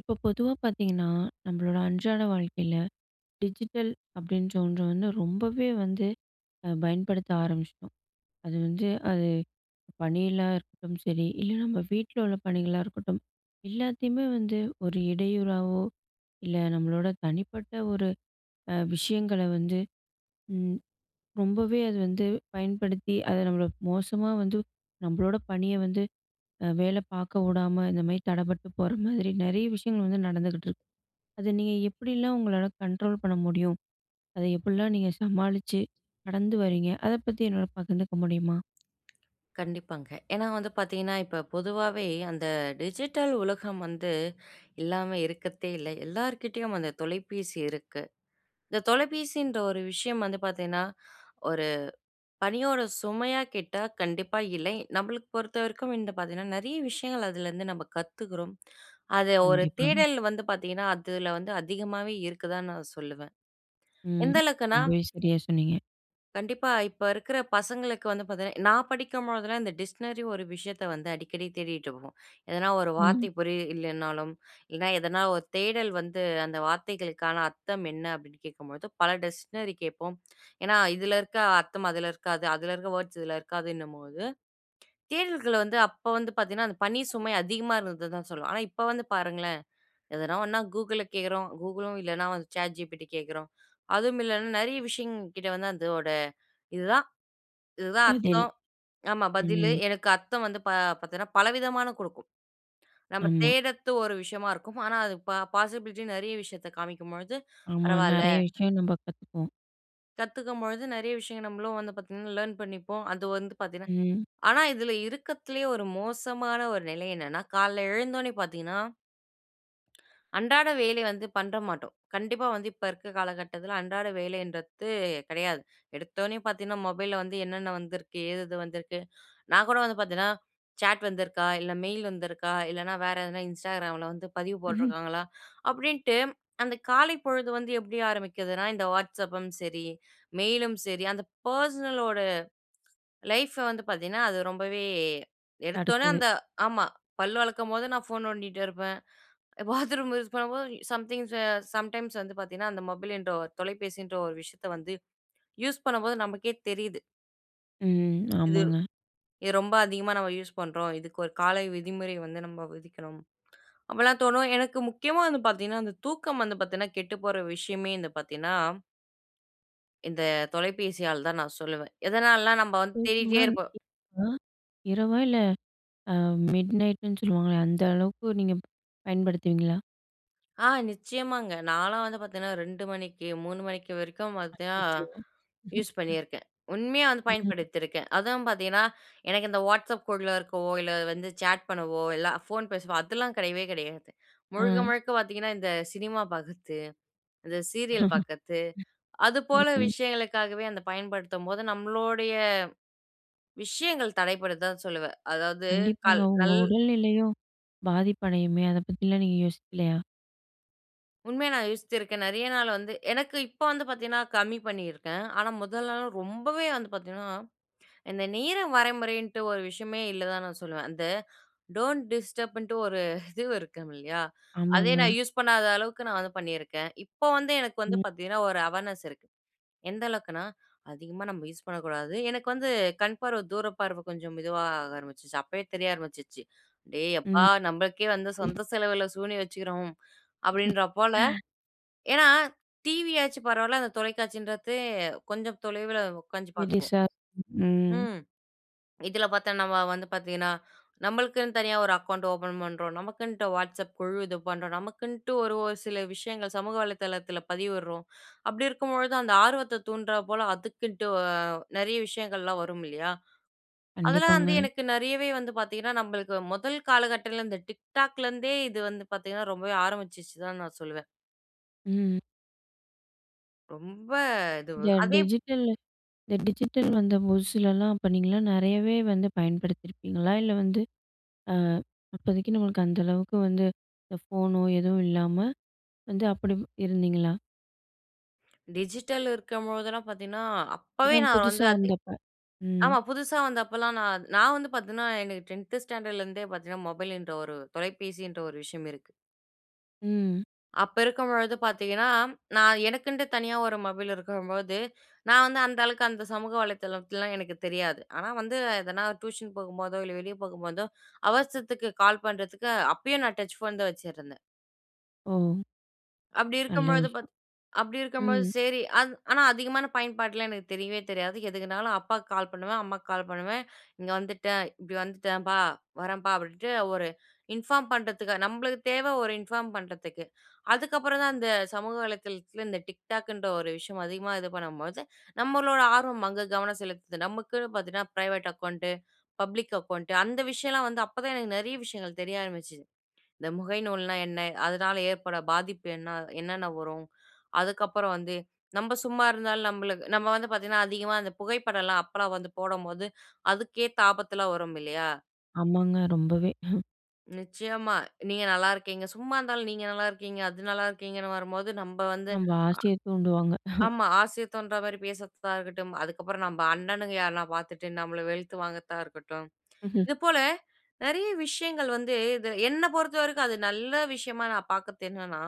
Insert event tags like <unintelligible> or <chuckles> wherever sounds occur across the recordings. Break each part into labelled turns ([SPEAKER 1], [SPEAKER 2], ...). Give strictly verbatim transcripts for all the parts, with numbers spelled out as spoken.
[SPEAKER 1] இப்போ பொதுவா பாத்தீங்கன்னா, நம்பளோட அன்றாட வாழ்க்கையில டிஜிட்டல் அப்டின்ற ஒன்று வந்து ரொம்பவே வந்து அ பயன்படுத்த ஆரம்பிச்ட்டோம். அது வந்து அது பணியில இருக்கட்டும் சரி, இல்லை நம்ம வீட்ல உள்ள பணிகளா இருக்கட்டும், எல்லாத்தயுமே வந்து ஒரு இடையூறாவோ இல்லை நம்மளோட தனிப்பட்ட ஒரு அ விஷயங்கள வந்து ம் ரொம்பவே அது வந்து பயன்படுத்தி, அதை நம்மள மோசமா வந்து நம்பளோட பணிய வந்து வேல பாக்க உடாம, இந்த மாரி தடப்பட்டு போற மாதிரி நெறைய விஷயங்கள் வந்து நடந்துக்கிட்ருக்கு. அதை நீங்க எப்படிலாம் உங்களால கண்ட்ரோல் பண்ண முடியும்? அதை எப்படிலாம் நீங்க சமாளிச்சு கடந்து வரீங்க, அதை பத்தி என்னோட பகிந்துக்க முடியுமா?
[SPEAKER 2] கண்டிப்பாங்க. ஏன்னா வந்து பாத்தீங்கன்னா, இப்ப பொதுவாவே அந்த டிஜிட்டல் உலகம் வந்து இல்லாம இருக்கத்தே இல்லை. எல்லார்கிட்டயும் அந்த தொலைபேசி இருக்கு. இந்த தொலைபேசின்ற ஒரு விஷயம் வந்து பாத்தீங்கன்னா, ஒரு பணியோட சுமையா கேட்டா கண்டிப்பா இல்லை. நம்பளுக்கு பொறுத்தவரைக்கும் இந்த பாத்தீங்கன்னா, நிறைய விஷயங்கள் அதுலருந்து நம்ப கத்துக்குறோம். அது ஒரு
[SPEAKER 1] கண்டிப்பாங்க.
[SPEAKER 2] தேடல் வந்து பாத்தீங்கன்னா, அதுல வந்து அதிகமாவே இருக்குதான்னு நான் சொல்லுவேன்.
[SPEAKER 1] ம்.
[SPEAKER 2] எந்த அளவுக்குன்னா
[SPEAKER 1] ரொம்பவே சரியா சொன்னீங்க.
[SPEAKER 2] கண்டிப்பா, இப்ப இருக்கிற பசங்களுக்கு வந்து பாத்தீங்கன்னா நான் படிக்கும்பொழுதெல்லாம் இந்த டிக்ஷ்னரி ஒரு விஷயத்தை வந்து அடிக்கடி தேடிட்ருப்போம். எதனா ஒரு
[SPEAKER 1] ம்.
[SPEAKER 2] வார்த்தை புரியில்லைனாலும், இல்லனா எதனா ஒரு தேடல் வந்து, அந்த வார்த்தைகளுக்கான அர்த்தம் என்ன அப்டின்னு கேக்கும்பொழுது பல டிக்ஷ்னரி கேப்போம். ஏன்னா இதில இருக்க அர்த்தம் அதில இருக்காது, அதில இருக்கிற வோர்ட்ஸ் இதில இருக்காதுன்னும்போது தேடல்கள் வந்து அப்போ வந்து பாத்தீங்கன்னா அந்த பணி சுமை அதிகமா இருந்தது தான் சொல்வேன். ஆனா இப்ப வந்து பாருங்களேன், எதனா ஒண்ணா "Google"ல கேக்குறோம், "Google"லும் இல்லனா வந்து "ChatGPT" கேக்கிறோம், அதுவும் இல்லைனா நிறைய விஷயங் கிட்ட வந்து அதோட இதுதான் இதுதான்
[SPEAKER 1] பதில்.
[SPEAKER 2] அர்த்தம், ஆமா பதிலு
[SPEAKER 1] ம்.
[SPEAKER 2] எனக்கு அர்த்தம் வந்து பா பாத்தீங்கன்னா பலவிதமான குடுக்கும். நம்ப
[SPEAKER 1] ஆமா.
[SPEAKER 2] தேடத்து ஒரு விஷயமா இருக்கும், ஆனா அது பாசிபிலிட்டி நிறைய விஷயத்த காமிக்கும்பொழுது
[SPEAKER 1] ஆமா,
[SPEAKER 2] பரவால்ல.
[SPEAKER 1] நெறைய விஷயம் நம்ப கத்துப்போம்.
[SPEAKER 2] கத்துக்கும்பொழுது நிறைய விஷயங்கள், நம்மளும் வந்து பார்த்தீங்கன்னா லேர்ன் பண்ணிப்போம். அது வந்து பார்த்தீங்கன்னா
[SPEAKER 1] ம்.
[SPEAKER 2] ஆனா, இதுல இருக்கத்துலேயே ஒரு மோசமான ஒரு நிலை என்னன்னா. கால்ல எழுந்தோனே பார்த்தீங்கன்னா. அன்றாட வேலை வந்து பண்ற மாட்டோம். கண்டிப்பா வந்து இப்ப இருக்க காலகட்டத்துல அன்றாட வேலைன்றத்து கெடையாது. எடுத்தவுடனே பார்த்தீங்கன்னா மொபைல்ல வந்து என்னன்ன வந்திருக்கு, ஏது எது வந்திருக்கு. நான் கூட வந்து பார்த்தீன்னா, சேட் வந்திருக்கா இல்ல மெயில் வந்துருக்கா, இல்லனா வேற எதுனா Instagramல வந்து பதிவு
[SPEAKER 1] ம்.
[SPEAKER 2] போட்ருக்காங்களா. அப்டின்ட்டு அந்த காலைப்பொழுது வந்து எப்டி ஆரம்பிக்குதுன்னா இந்த "Whatsapp"ம் சரி, மெயிலும் சரி, அந்த பர்ஸ்னலோட, லைஃப்ப வந்து பார்த்தீங்கன்னா அது ரொம்பவே எடுத்தோன
[SPEAKER 1] அடுத்தது.
[SPEAKER 2] அந்த ஆமா. பல்ல வெளக்கும்போது நான் ஃபோன் நோண்டிட்டு இருப்பேன். பாத்ரூம் யூஸ் பண்ணும்போதும். சம்திங்ஸ், சம்டைம்ஸ் வந்து பார்த்தீங்கன்னா அந்த மொபைல்ன்ற தொலைபேசின்ற ஒரு விஷயத்த வந்து யூஸ் பண்ணும்போது நமக்கே தெரியுது.
[SPEAKER 1] ம்.
[SPEAKER 2] இது.
[SPEAKER 1] ஆமாங்க.
[SPEAKER 2] இது ரொம்ப அதிகமா நம்ம யூஸ் பண்றோம். இதுக்கு ஒரு காலை விதிமுறை வந்து நம்ம விதிக்கணும். அப்டிலாம் தோணும். எனக்கு முக்கியமா வந்து பார்த்தீங்கன்னா, அந்த தூக்கம் வந்து பார்த்தீங்கன்னா கெட்டு போற விஷயமே வந்து பார்த்தீங்கன்னா இந்த தொலைபேசியால தான் நான் சொல்லுவேன். எதனாலனா, நம்ம வந்து தேடிட்டே
[SPEAKER 1] தூக்கம்னா,
[SPEAKER 2] இருப்போம்.
[SPEAKER 1] இப் வா, இரவா இல்ல. அ. மிட்நைட்னு சொல்லுவாங்களே அந்த அளவுக்கு நீங்க பயன்படுத்துவீங்களா?
[SPEAKER 2] ஆ நிச்சயமாங்க. நான்லாம் வந்து பார்த்தன்னா ரெண்டு மணிக்கு மூனு மணிக்கு வரைக்கும் பார்த்தன்னா
[SPEAKER 1] அச்சச்சோ!
[SPEAKER 2] யூஸ்
[SPEAKER 1] <chuckles>
[SPEAKER 2] பண்ணியிருக்கேன். உண்மையா வந்து
[SPEAKER 1] ம், ம்.
[SPEAKER 2] பயன்படுத்தியிருக்கேன். அதான் பார்த்தீங்கன்னா எனக்கு இந்த WhatsApp குழுல இருக்கவோ, இல்ல வந்து சாட் பண்ணவோ, இல்ல ஃபோன் பேசுவோ அதெல்லாம் கெடையவே கெடையாது <inhales> முழுக்க,
[SPEAKER 1] ஆ.
[SPEAKER 2] முழுக்க பார்த்தீங்கன்னா, இந்த சினிமா பார்க்கிறது, இந்த சீரியல்
[SPEAKER 1] <chuckles>
[SPEAKER 2] பார்க்கிறது அதுபோல
[SPEAKER 1] ம்ஹ்ம்.
[SPEAKER 2] விஷயங்களுக்காகவே அந்த பயன்படுத்தும்போது நம்மளோடைய விஷயங்கள் தடைபடுது தான் சொல்லுவேன். அதாவது,
[SPEAKER 1] கண்டிப்பாங்க.
[SPEAKER 2] கல்
[SPEAKER 1] உங்க
[SPEAKER 2] நல்
[SPEAKER 1] உடல்நிலையும் பாதிப்பு அடையுமே! அத பத்திலாம் நீங்க யோசிக்கலயா?
[SPEAKER 2] உண்மையா நான் யோசிச்சிருக்கேன். நெறைய நாள் வந்து எனக்கு இப்ப வந்து பார்த்தீங்கன்னா, கம்மி பண்ணியிருக்கேன். ஆனா, முதலலாம் ரொம்பவே வந்து பார்த்தீங்கன்னா இந்த நேரம் வரைமுறைன்னுட்டு ஒரு விஷயமே இல்ல தான் நான் சொல்லுவேன். அந்த டோன்ட் டிஸ்டர்பன்ட்டு ஒரு இது இருக்கும் இல்லயா? அதே
[SPEAKER 1] ஆமாங்க.
[SPEAKER 2] நான் யூஸ் பண்ணாத அளவுக்கு நான் வந்து பண்ணிருக்கேன். இப்போ வந்து எனக்கு வந்து
[SPEAKER 1] ம்.
[SPEAKER 2] பார்த்தீங்கன்னா, ஒரு அவேர்னஸ் இருக்கு. எந்த அளவுக்குன்னா "அதிகமாக நம்ம யூஸ் பண்ணக்கூடாது," எனக்கு வந்து கண்பார்வ தூரப்பார்வ கொஞ்சம் மெதுவா ஆக ஆரம்பிச்சுருச்சு. அப்பவே தெரிய ஆரம்பிச்சுருச்சு. "டேய் யப்பா!
[SPEAKER 1] ம்
[SPEAKER 2] நம்மளுக்கே வந்து சொந்த செலவுல சூனியம் வச்சுக்கிறோம்." அப்பிடின்றாப் போல,
[SPEAKER 1] <sighs>
[SPEAKER 2] ஏன்னா டிவி ஆச்சும் பரவாயில்ல. அந்த தொலைக்காட்சின்றது கொஞ்சம் தொலைவுல உட்கார்ந்து பாக்வோம்
[SPEAKER 1] <unintelligible> ம்.
[SPEAKER 2] ம். இதில பார்த்தா நம்ம வந்து பார்த்தீங்கன்னா நம்மளுக்குன்னு தனியா ஒரு அக்கவுண்ட் ஓப்பன் பண்றோம். நமக்குன்ட்டு WhatsApp குழு இது பண்றோம். நமக்குன்ட்டு ஒரு, ஒரு சில விஷயங்கள் சமூக வலைதளத்தில பதிவிட்றோம். அப்பிடி இருக்கும்பொழுது அந்த ஆர்வத்த தூண்டுறா போல அதுக்குன்ட்டு அ, நிறைய விஷயங்கள்லாம் வரும் இல்லயா? அதெல்லாம்
[SPEAKER 1] கண்டிப்பாங்க.
[SPEAKER 2] வந்து எனக்கு நிறையவே வந்து பார்த்தீங்கன்னா, நம்மளுக்கு முதல் காலகட்டத்துல இந்த TikTok லேருந்தே இது வந்து பார்த்தீங்கன்னா, ரொம்பவே ஆரம்பிச்சிச்சு தான் நான் சொல்லுவேன்.
[SPEAKER 1] ம்.
[SPEAKER 2] ரொம்ப இதுவு.
[SPEAKER 1] இந்த
[SPEAKER 2] அதே
[SPEAKER 1] டிஜிட்டல்- இந்த டிஜிட்டல் வந்த புதுசுலல்லாம், அப்ப நீங்கல்லாம் நெறையவே வந்து பயன்படுத்தியிருப்பீங்களா? இல்லை வந்து, "அ அப்போதைக்கு, நம்மளுக்கு அந்த அளவுக்கு வந்து இந்த ஃபோனோ எதுவும் இல்லாம" வந்து அப்படி இருந்தீங்களா?
[SPEAKER 2] டிஜிட்டல் இருக்கும்பொழுதெல்லாம் பார்த்தீங்கன்னா, அப்பவே
[SPEAKER 1] அப்பதான்
[SPEAKER 2] நான் வந்து
[SPEAKER 1] புதுசா
[SPEAKER 2] அது
[SPEAKER 1] வந்தப்ப. ம்.
[SPEAKER 2] ஆமா, புதுசா வந்தப்பல்லாம் நா நா வந்து பாத்தீங்கன்னா, எனக்கு டென்த்து ஸ்டாண்டர்ட்லருந்தே பாத்தீங்கன்னா, மொபைலுன்ற ஒரு தொலைபேசின்ற ஒரு விஷயம் இருக்கு.
[SPEAKER 1] ம்.
[SPEAKER 2] அப்ப இருக்கும்பொழுது பார்த்தீங்கன்னா, நான் எனக்குன்ட்டு தனியா ஒரு மொபைல் இருக்கும்பொழுது, நான் வந்து அந்த அளவுக்கு அந்த சமூக வலைத்தளத்துலல்லாம் எனக்கு தெரியாது. ஆனா வந்து எதனா டியூஷன் போகும்போதோ, இல்ல வெளியே போகும்போதோ, அவசரத்துக்கு கால் பண்றதுக்கு அ அப்பயும் நான் டச் ஃபோன் தான் வச்சுருந்தேன்.
[SPEAKER 1] ஓ.
[SPEAKER 2] அப்படி
[SPEAKER 1] நல்ல
[SPEAKER 2] இருக்கும்பொழுது
[SPEAKER 1] விஷயம்.
[SPEAKER 2] பார்த் அப்படி இருக்கும்பொழுது
[SPEAKER 1] ம்.
[SPEAKER 2] சேரி, அது ஆனா அதிகமான பயன்பாடல்லாம் எனக்கு தெரியவே தெரியாது. எதுக்குனாலும் அப்பாக்கு கால் பண்ணுவேன், அம்மாக்கு கால் பண்ணுவேன். "இங்க வந்துட்டேன். இப்படி வந்துட்டேன்ப்பா, வரேன்பா." அப்படீன்ட்டு ஒரு இன்ஃபார்ம் பண்ணுறதுக்கு. நம்மளுக்கு தேவ ஒரு இன்ஃபார்ம் பண்ணுறதுக்கு. அதுக்கப்பறம் தான், அந்த சமூக வலைதளத்தில இந்த TikTokகுன்ற ஒரு விஷயம் அதிகமா இது பண்ணும்பொழுது, நம்மளோட ஆர்வம் அங்க கவனம் செலுத்துது. நம்மக்குன்னு பார்த்தீங்கன்னா, பிரைவேட் அக்கவுண்ட்டு, பப்ளிக் அக்கவுண்ட்டு அந்த விஷயம்ல்லாம் வந்து அப்ப தான், எனக்கு நெறைய விஷயங்கள் தெரிய ஆரம்பிச்சுது. இந்த முகை நூல்ன்னா என்ன? அதனால ஏற்படுற பாதிப்பு என்ன? அ என்னன்ன வரும்? அதுக்கப்புறம் வந்து நம்ப சும்மா இருந்தாலும், நம்மலுக் நம்ம வந்து பாத்தீங்கன்னா, அதிகமா அந்த புகைப்படல்லாம் அப்பல்லாம் வந்து போடும்போது, அதுக்கேத்த ஆபத்தெல்லாம் வரும் இல்லையா?
[SPEAKER 1] ஆமாங்க. ரொம்பவே. <chuckles>
[SPEAKER 2] நிச்சயமா. நீங்க நல்லா இருக்கீங்க. சும்மா இருந்தாலும் நீங்க நல்லா இருக்கீங்க, அது நல்லா இருக்கீங்கன்னு வரும்போது நம்ம வந்து
[SPEAKER 1] நம்ம
[SPEAKER 2] அ
[SPEAKER 1] ஆசைய தூண்டுவாங்க. <chuckles>
[SPEAKER 2] ஆமா. ஆசை தோன்ற மாரி பேசுறத்தாகட்டும். அதுக்கப்புறம் நம்ப அண்ணனுங்க யார்னா பார்த்துட்டு. நம்மள வெலுத்து வாங்கறத்த இருக்கட்டும்.
[SPEAKER 1] <chuckles>
[SPEAKER 2] இது போல நிறைய விஷயங்கள் வந்து. இது என்ன பொறுத்த வரைக்கும். அது நல்ல விஷயமா நான் பார்க்கறத்து என்னன்னா,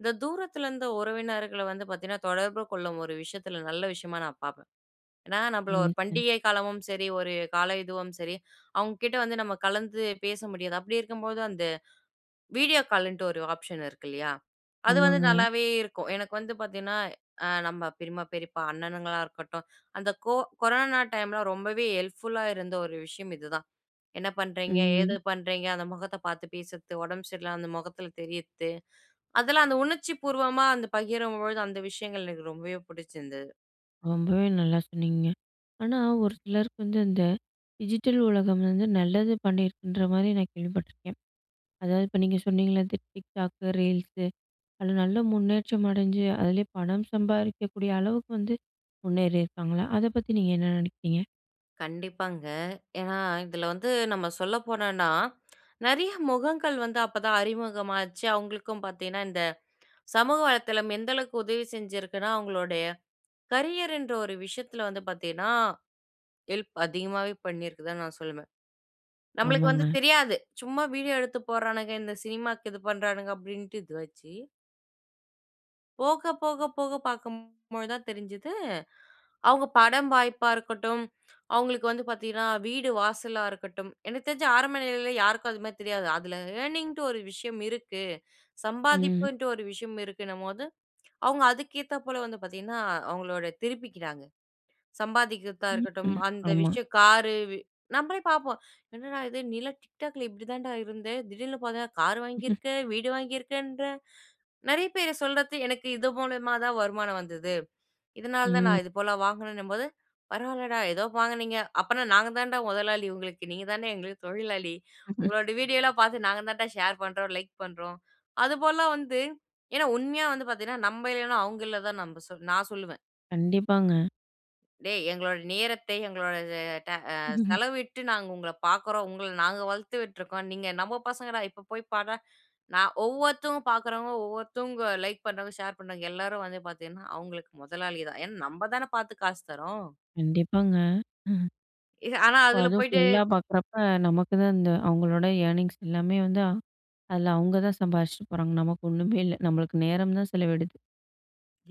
[SPEAKER 2] இந்த தூரத்துல இருந்த உறவினர்கள வந்து பார்த்தீங்கன்னா தொடர்பு கொள்ளும் ஒரு விஷயத்துல ஒரு நல்ல விஷயமா நான் பார்ப்பேன். ஏனா, நம்மள ஒரு
[SPEAKER 1] ம். ம்.
[SPEAKER 2] பண்டிகை காலமும் சரி, ஒரு கால இதுவும் சரி. அவங்க கிட்ட வந்து நம்ம கலந்து பேச முடியாது. அப்டி இருக்கும்போது அந்த வீடியோ கால்ன்ட்டு ஒரு ஆப்ஷன் இருக்கு இல்லையா, அது வந்து
[SPEAKER 1] ஆமாங்க.
[SPEAKER 2] நல்லாவே இருக்கும். எனக்கு வந்து பார்த்தீங்கன்னா, நம்ப பெரியம்மா, பெரியப்பா, அண்ணனுங்களா இருக்கட்டும். அந்த கோ கொரோனா டைம்ல ரொம்பவே ஹெல்ப்புல்லா இருந்த ஒரு விஷயம் இதுதான். என்ன பண்றீங்க? ஏது
[SPEAKER 1] ம்.
[SPEAKER 2] பண்றீங்க? அந்த முகத்தை பார்த்து பேசுறத்து. உடம்பு சரியில்லாம அந்த முகத்துல தெரியத்து. அதெல்லாம் அந்த உணர்ச்சி பூர்வமா அந்த பகிரும்பொழுது அந்த விஷயங்கள் எனக்கு ரொம்பவே புடிச்சிருந்துது.
[SPEAKER 1] ரொம்பவே நல்லா சொன்னீங்கங்க. ஆனா, ஒரு சிலருக்கு வந்து இந்த டிஜிட்டல் உலகம் வந்து நல்லது பண்ணியிருக்குன்ற மாரி நான் கேள்விப்பட்டுருக்கேன். அதாவது, இப்ப நீங்க சொன்னீங்கள்ல, இந்த TikTok, ரீல்ஸு அதுல நல்ல முன்னேற்றம் அடைஞ்சு, அதிலேயே பணம் சம்பாரிக்கக்கூடிய அளவுக்கு வந்து முன்னேறி இருக்காங்களா? அத பத்தி நீங்க என்ன நினைக்கிறீங்க?
[SPEAKER 2] கண்டிப்பாங்க. ஏனா, இதுல வந்து நம்ம சொல்ல போனோம்னா, நிறைய முகங்கள் வந்து அப்ப தான் அறிமுகமாச்சு. அவங்களுக்கும் பார்த்தீங்கன்னா இந்த சமூக வலைத்தளம் எந்த அளவுக்கு உதவி செஞ்சிருக்குனா, அவங்களுடைய கரியர்ன்ற ஒரு விஷயத்துல வந்து பார்த்தீங்கன்னா, ஹெல்ப் அதிகமாவே பண்ணிருக்கதான் நான் சொல்லுவேன். நம்மளுக்கு வந்து
[SPEAKER 1] ஆமாங்க.
[SPEAKER 2] தெரியாது. சும்மா வீடியோ எடுத்து போட்றானுங்க, இந்த சினிமாக்கு இது பண்றானுங்க அப்டின்ட்டு இது வச்சி போக போக போக பாக்கும்பொழுது தான் தெரிஞ்சுது, அவுங்க படம் வாய்ப்பா இருக்கட்டும், அவுங்களுக்கு வந்து பாத்தீங்கன்னா, வீடு வாசலா இருக்கட்டும், எனக்கு தெரிஞ்சு ஆரம்ப நிலையில யாருக்கும் அதுமாரி தெரியாது. அதில ஏர்னிங்ன்ட்டு ஒரு விஷயம் இருக்கு.
[SPEAKER 1] ம்.
[SPEAKER 2] சம்பாதிப்புன்ட்டு ஒரு விஷயம் இருக்குன்னம்போது, அவுங்க அதுக்கேத்தாப் போல வந்து பாத்தீங்கன்னா, அ அவுங்களோட திருப்பிக்கிறாங்க. சம்பாதிக்கிற்தா
[SPEAKER 1] ம்
[SPEAKER 2] இருக்கட்டும் அந்த
[SPEAKER 1] ஆமா.
[SPEAKER 2] விஷயம் காரு, வீ நம்பளே பாப்போம். "என்னடா! இது நீலாம் TikTok ல இப்பிடி தான்டா இருந்த! திடீல்னு பாத்தன்னா, கார்
[SPEAKER 1] ம் ம்.
[SPEAKER 2] வாங்கியிருக்க! வீடு வாங்கியிருக்கேன்ற!" நிறைய பேர் சொல்றது, எனக்கு இது மூலயமா தான் வருமானம் வந்துது. இதனால தான் நான்
[SPEAKER 1] ம்.
[SPEAKER 2] இது போல வாங்குனேன்னும்போது, "பரவால்லடா! எதோ வாங்குனீங்க, அப்பன்னா நாங்க தான்டா முதலாளி உங்களுக்கு, நீங்க தான்டா எங்களுக்கு தொழிலாளி.
[SPEAKER 1] ம் ம்.
[SPEAKER 2] உங்களோட வீடியோலாம் பாத்து நாங்க தான்டா ஷேர் பண்றோம். லைக் பண்றோம்." அது போல்லாம் வந்து ஏன்னா உண்மையா வந்து பாத்தீங்கன்னா, நம்ம இல்லன்னா, அவுங்க இல்ல தான், நம்ப நான் சொல்லுவேன்.
[SPEAKER 1] கண்டிப்பாங்க.
[SPEAKER 2] "டேய்! எங்களோட நேரத்தை எங்களோட அது- ட அ
[SPEAKER 1] <chuckles>
[SPEAKER 2] செலவிட்டு நாங்க உங்கள பாக்குறோம். உங்கள நாங்க வளத்து விட்ருக்கோம். நீங்க நம்ம பசங்கடா! இப்ப போய் பார்டா!" நான் ஒவ்வொருத்தவுங்க பாக்குறவுங்க ஒவ்வொருத்தவுங்க லைக் பண்றாங்க, ஷேர் பண்றாங்க. எல்லாரும் வந்து பாத்தீங்கன்னா, அவுங்களுக்கு முதலாளி தான். ஏன்னா நம்ப தான பாத்து காசு தரோம்.
[SPEAKER 1] கண்டிப்பாங்க. ம்.
[SPEAKER 2] எ ஆனா
[SPEAKER 1] இப்ப
[SPEAKER 2] அதுல
[SPEAKER 1] அதுவும்
[SPEAKER 2] போயிட்டு
[SPEAKER 1] ஃபுல்லா பார்க்குறப்ப, நமக்கு தான் அந்த அவுங்களோட ஏர்னிங்ஸ் எல்லாமே வந்து அ அதில அவுங்க தான் சம்பாரிச்சுட்டு போறாங்க. நமக்கு ஒண்ணுமேல்ல! நம்மளுக்கு நேரம் தான் செலவிடுது.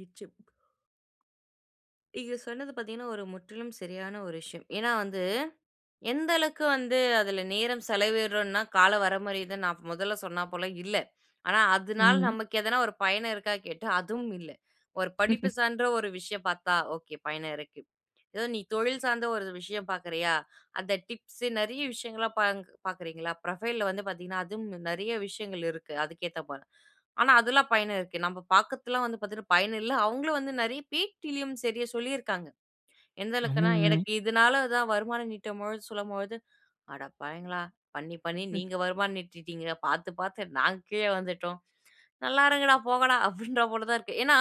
[SPEAKER 2] இச்சு ப் நீங்க சொன்னது பாத்தீங்கன்னா, ஒரு முற்றிலும் சரியான ஒரு விஷயம். ஏன்னா வந்து எந்த அளவுக்கு வந்து அதில நேரம் செலவிடுறோன்னா, கால வரமுறை நான் மொதல்ல சொன்னாப்போல இல்லை. ஆனா அதுனால
[SPEAKER 1] ம்.
[SPEAKER 2] நமக்கு எதனா ஒரு பயனிருக்கா கேட்டா, அதுவும் இல்லை. ஒரு படிப்பு
[SPEAKER 1] <laughs>
[SPEAKER 2] சான்ற ஒரு விஷயம் பார்த்தா ஒகே பயனிருக்கு. ஏதோ நீ தொழில் சார்ந்த ஒரு விஷயம் பாக்குறயா? அந்த டிப்ஸ், நெறைய விஷயங்கள்லாம் பாங்க் பாக்குறீங்களா புரொஃபைல்ல வந்து பாத்தீங்கன்னா, அதுவும் நிறைய விஷயங்கள் இருக்கு அதுக்கு ஏத்தபோல. ஆனா அதுல்லாம் பயன் இருக்கு. நம்ம பாக்குத்துலாம் வந்து பாத்தீங்கன்னா பயன் இல்லை. அவுங்களும் வந்து நெறைய பேட்டிலயும் சரியா சொல்லியிருக்காங்க. எந்த அளவுக்குனா,
[SPEAKER 1] ஆமாங்க.
[SPEAKER 2] எனக்கு இதுனால தான் வருமானம் ஈட்டும்பொழுது சொல்லும்பொழுது, "அடப்பாவிங்களா! பண்ணி பண்ணி
[SPEAKER 1] ம்.
[SPEAKER 2] நீங்க வருமானம் ஈட்டிட்டீங்க, பாத்து பாத்து நாங்க கீழே வந்துட்டோம், நல்லா இருங்கடா, போங்கடா" அப்டின்றா போல தான் இருக்கு. ஏன்னா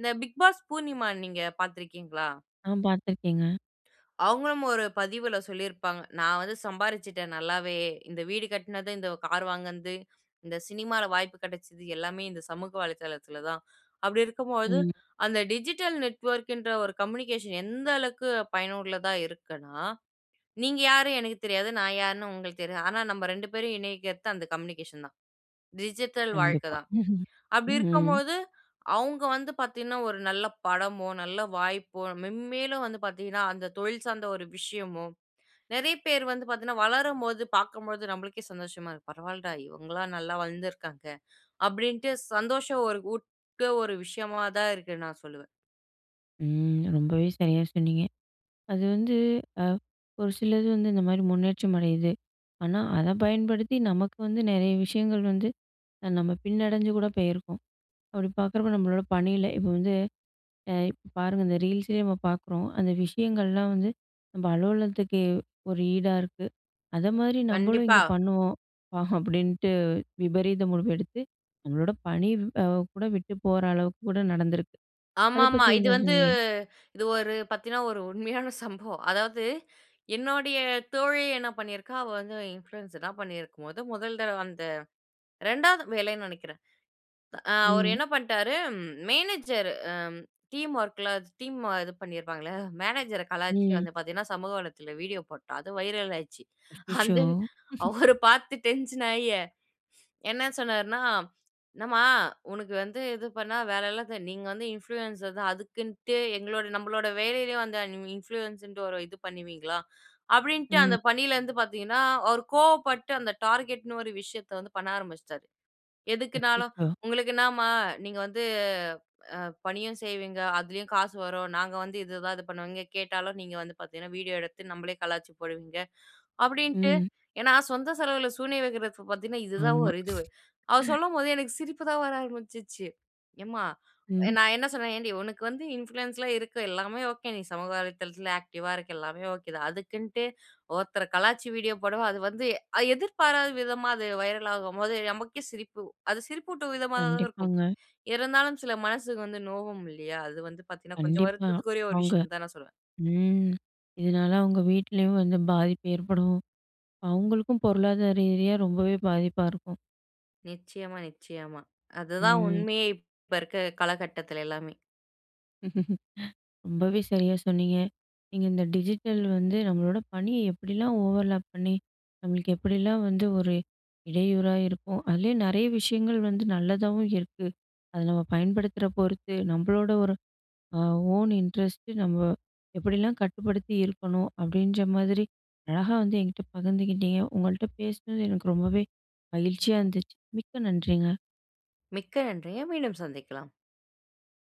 [SPEAKER 2] இந்த பிக் பாஸ் பூர்ணிமா நீங்க பாத்துருக்கீங்களா?
[SPEAKER 1] ஆ, பார்த்துருக்கேங்க.
[SPEAKER 2] அவுங்களும் ஒரு பதிவுல சொல்லிருப்பாங்க. நான் வந்து சம்பாரிச்சுட்டேன் நல்லாவே இந்த வீடு கட்டுனது இந்த கார் வாங்குனது இந்த சினிமால வாய்ப்பு கெடச்சது எல்லாமே இந்த சமூக வலைத்தளத்தில தான். அப்டி இருக்கும் பொழுது
[SPEAKER 1] ம்.
[SPEAKER 2] அந்த டிஜிட்டல் நெட்வொர்க்ன்ற ஒரு கம்யூனிகேஷன் எந்த அளவுக்கு பயனுள்ளதா இருக்குன்னா, நீங்க யாரு எனக்குத் தெரியாது. நான் யார்ன்னு உங்களுக்கு தெரியாது. ஆனா நம்ப ரெண்டு பேரையும் இணைக்கிறது அந்த கம்யூனிகேஷன் தான். டிஜிட்டல் வாழ்க்க
[SPEAKER 1] கண்டிப்பா
[SPEAKER 2] தான்.
[SPEAKER 1] <chuckles>
[SPEAKER 2] அப்டி இருக்கும்
[SPEAKER 1] ம்.
[SPEAKER 2] பொழுது, அவுங்க வந்து பாத்தீங்கன்னா ஒரு நல்ல படமோ, நல்ல வாய்ப்போ மெம்மேலும் வந்து பாத்தீங்கன்னா அந்த தொழில் சார்ந்த ஒரு விஷயமும், நெறைய பேர் வந்து பாத்தீங்கன்னா வளரும் போது பாக்கும்பொழுது நம்பளுக்கே சந்தோஷமா இருக் "பரவால்லடா இவுங்கல்லாம் நல்லா வளந்துருக்காங்க." அப்டின்ட்டு சந்தோஷம் ஒரு ஊட்ட ஒரு விஷயமா தான் இருக்கு நான் சொல்லுவேன்.
[SPEAKER 1] ம். ரொம்பவே சரியா சொன்னீங்க. அது வந்து அ ஒரு சிலது வந்து இந்த மாரி, முன்னேற்றம் அடையுது. ஆனா, அத பயன்படுத்தி நமக்கு வந்து நெறைய விஷயங்கள் வந்து, அ நம்ம பின்னடஞ்சு கூட பேயிருக்கோம். அப்படி பாக்குறப்போ, நம்மளோட பணியில இப்ப வந்து அ இப்ப பாருங்க இந்த Reelsலயே நம்ம பாக்குறோம். "அந்த விஷயங்கள்லாம் வந்து, நம்ம அலுவலகத்துக்கு, ஒரு ஈடா இருக்கு. அதமாரி, நம்மளும்
[SPEAKER 2] கண்டிப்பா.
[SPEAKER 1] இங்க பண்ணுவோம்" பா அப்படின்ட்டு விபரீத முடிவு எடுத்து, நம்மளோட பணி அ கூட விட்டு போற அளவுக்கு கூட நடந்திருக்கு. அத
[SPEAKER 2] ஆமாமா.
[SPEAKER 1] பத்தி,
[SPEAKER 2] இது
[SPEAKER 1] என்ன.
[SPEAKER 2] வந்து
[SPEAKER 1] <unintelligible>
[SPEAKER 2] இது ஒரு பாத்தீங்னா, ஒரு உண்மையான சம்பவம். அதாவது, என்னோடைய தோழி என்ன பண்ணிருக்கா, அவ வந்து இன்ஃப்ளூயன்ஸலாம் பண்ணிருக்கும்போது, முதல் தடவ அந்த ரெண்டாவது வேலைன்னு நெனைக்குறேன். அ, அவரு
[SPEAKER 1] ம்.
[SPEAKER 2] என்ன பண்ணிட்டாரு ம், மேனேஜர் அம், டீம் வொர்க்ல ச் டீம்ம இது பண்ணிருப்பாங்க இல்லையா. மேனேஜர கலாய்ச்சு
[SPEAKER 1] ம்.
[SPEAKER 2] வந்து பாத்தீங்கன்னா, சமூக வளையத்துல வீடியோ போட்டா. அது வைரல் ஆயிருச்சு. அந்த
[SPEAKER 1] <unintelligible>
[SPEAKER 2] வ்,
[SPEAKER 1] <chuckles>
[SPEAKER 2] அவரு பாத்து டென்ஷன் ஆயி, என்ன சொன்னாருன்னா, "என்னம்மா! உனக்கு வந்து, இது பண்ணா வேலையில்லாது நீங்க வந்து இன்ஃப்ளூயன்ஸர் தான் அதுக்குன்ட்டு எங்களோட நம்மளோட வேலையிலயும் அந்த <unintelligible> இன்ஃப்ளூயன்ஸுன்டு ஒரு இது பண்ணுவீ ங்களா?" அப்படின்ட்டு, அந்த
[SPEAKER 1] ம்.
[SPEAKER 2] பணியில இருந்து பாத்தீங்கனா, அவரு கோவப்பட்டு, அந்த டார்கெட்ன்னு ஒரு விஷயத்த வந்து பண்ண ஆரம்பிச்சிட்டாரு. எதுக்குனாலும்,
[SPEAKER 1] அச்சச்சோ!
[SPEAKER 2] "உங்களுக்கு என்னாமா! நீங்க வந்து அ, பணியும் செய்வீங்க. அதுலயும் காசு வரும். நாங்க வந்து இது எதாவது பண்ணுவீங்க. கேட்டாலும் நீங்க வந்து பாத்தீங்கனா, வீடியோ எடுத்து நம்மளையே கலாய்ச்சு போடுவீங்க", அப்படின்ட்டு
[SPEAKER 1] ம்.
[SPEAKER 2] ஏன்னா, சொந்த செலவுல சூனிய வைக்கிறது பாத்தீங்கனா, இது தான்,
[SPEAKER 1] ஆமா..
[SPEAKER 2] ஒரு இதுவு. அவரு
[SPEAKER 1] <chuckles>
[SPEAKER 2] சொல்லும்போது, எனக்கு சிரிப்பு தான் வர ஆரம்பிச்சுச்சு. எம்மா அ
[SPEAKER 1] ம்.
[SPEAKER 2] நான் என்ன சொன்னேன். "ஏண்டி, உனக்கு வந்து இன்ஃப்ளூயன்ஸ்லாம் இருக்கு. எல்லாமே ஓகே. நீ சமூக வலைத்தளத்துல ஆக்டிவா இருக்க, எல்லாமே ஓகே தான். அதுக்குன்ட்டு ஒருத்தர கலாய்ச்சு, வீடியோ போடுவ?" அது வந்து அ, எதிர்பாராத விதமா, அது வைரல் ஆகும்போது நமக்கே சிரிப்பு. அது சிரிப்பூட்டும் விதமாகதா இருக்கும்.
[SPEAKER 1] கண்டிப்பாங்க.
[SPEAKER 2] இருந்தாலும் சில மனசுக்கு வந்து நோகும் இல்லையா? அது வந்து பாத்தீங்கனா, கொஞ்சம்
[SPEAKER 1] கண்டிப்பா.
[SPEAKER 2] வருத்தத்துக்குரிய ஒரு
[SPEAKER 1] அவுங்க
[SPEAKER 2] விஷயம்ன்னு தான், நான் சொல்லுவேன்.
[SPEAKER 1] ம். இதனால அவங்க வீட்டுலயும் வந்து, பாதிப்பு ஏற்படும். அவங்களுக்கும் பொருளாதார ரீதியா, ரொம்பவே பாதிப்பா இருக்கும்.
[SPEAKER 2] நிச்சயமா, நிச்சயமா. அதுதான்
[SPEAKER 1] ம்.
[SPEAKER 2] உண்மையே. இப்ப இருக்க காலகட்டத்துல, எல்லாமே.
[SPEAKER 1] <chuckles> .ரொம்பவே, சரியா சொன்னிங்க. நீங்க "இந்த டிஜிட்டல் வந்து, நம்மளோட பணிய எப்படிலாம், ஓவர்லாப் பண்ணி, நம்மளுக்கு எப்படிலாம் வந்து, ஒரு இடையூறா இருக்கும். அதுலயும் நெறைய விஷயங்கள் வந்து நல்லதாவும் இருக்கு. அதை, நம்ம பயன்படுத்துற பொறுத்து, நம்மளோட ஒரு, அ ஓன் இன்ட்ரெஸ்ட்டு நம்ம எப்படிலாம் கட்டுப்படுத்தி இருக்கணும்" அப்படின்ற மாதிரி, அழகா வந்து என்கிட்ட பகிர்ந்துக்கிட்டீங்க. உங்கள்ட்ட பேசுனது எனக்கு ரொம்பவே மகிழ்ச்சியா இருந்துச்சி. மிக்க நன்றிங்க
[SPEAKER 2] மிக்க நன்றிங்க. மீண்டும் சந்திக்கலாம்.